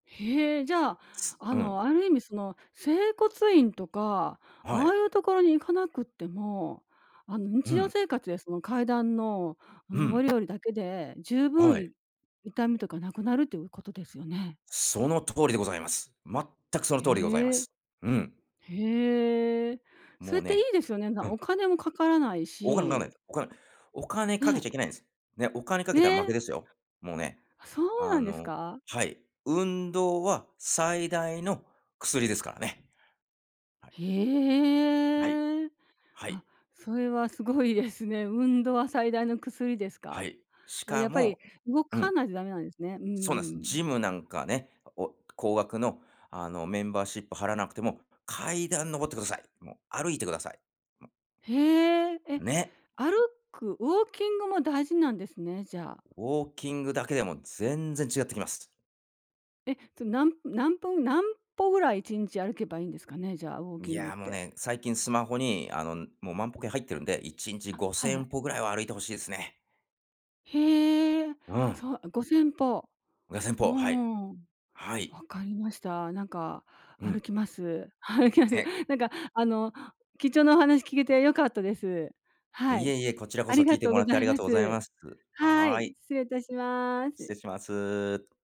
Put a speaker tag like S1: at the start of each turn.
S1: へえ、じゃ、あ
S2: うん。
S1: の、ある意味その、整骨院とか、
S2: は
S1: あ
S2: い。
S1: あいうところに行かなくっても、あの
S2: う
S1: 日常
S2: ん。
S1: 生活でその階段の、あ、
S2: う
S1: 上
S2: ん。
S1: り下りだけで十
S2: は
S1: 分
S2: い。
S1: い痛みとかなくなるということですよね。
S2: その通りでございます。全くその通りでございま
S1: へえ。
S2: す。うん。
S1: へえ。そ
S2: もう
S1: れっていい
S2: ね
S1: ですよね、なん
S2: うん。
S1: お金も掛からない
S2: お金もかからな
S1: し。
S2: い、お金。お金
S1: ね
S2: 掛け
S1: え。
S2: ちゃいけないんです。ね、お金掛
S1: え
S2: けたら負
S1: え。
S2: けですよ。もうね、
S1: あ、そう
S2: あ
S1: なんです
S2: の
S1: か？
S2: はい、運動は最大の薬ですからね。はい。はい。
S1: へえ、
S2: は
S1: あ、
S2: い。
S1: それはすごいですね。運動は最大の薬です
S2: は
S1: か。
S2: い、し
S1: あ、や
S2: か
S1: っぱり
S2: も
S1: 動
S2: う
S1: か
S2: ん。
S1: ないと駄目なんですね。うん
S2: そうなんです。
S1: う
S2: ジ
S1: ん。
S2: ムなんかね、お高額のあの、メンバーシップ払わなくても、階段上ってください。もう、歩いてください。もう。
S1: へえ、え、
S2: ね。
S1: 歩くウォーキングも大事なんですね、じゃ。
S2: ウォーキングだけでも全然違ってきます。
S1: え、そ、なん何分何歩ぐらい1日歩けばいいんですかね？じゃウォー
S2: い
S1: キングっ
S2: や、もう
S1: て。
S2: ね、最近スマホにあの、もう、万歩計入ってるんで1日
S1: あ、
S2: ご
S1: はい
S2: せ
S1: はい。
S2: んぽぐらいは歩いて欲しいですね。
S1: へえ、
S2: うん。
S1: そあ、5000歩。
S2: ごせん
S1: ほ
S2: ぽ、はい。
S1: ーん。
S2: はい。
S1: 分かりました。なんか
S2: う
S1: 歩
S2: ん。
S1: きます。歩きます。
S2: へ。
S1: なんか、あの、貴重なお話聞けて良かったです。は
S2: いえ
S1: い、
S2: いえ、こちらこ
S1: あ
S2: そ、
S1: り
S2: 聞
S1: が
S2: いて
S1: とう
S2: も
S1: ご
S2: らっ
S1: ざ
S2: てあ
S1: い
S2: りが
S1: ま
S2: とうござい
S1: す。
S2: ます。
S1: は
S2: は
S1: い、
S2: い。
S1: 失礼致しま
S2: 失
S1: す。
S2: 礼します。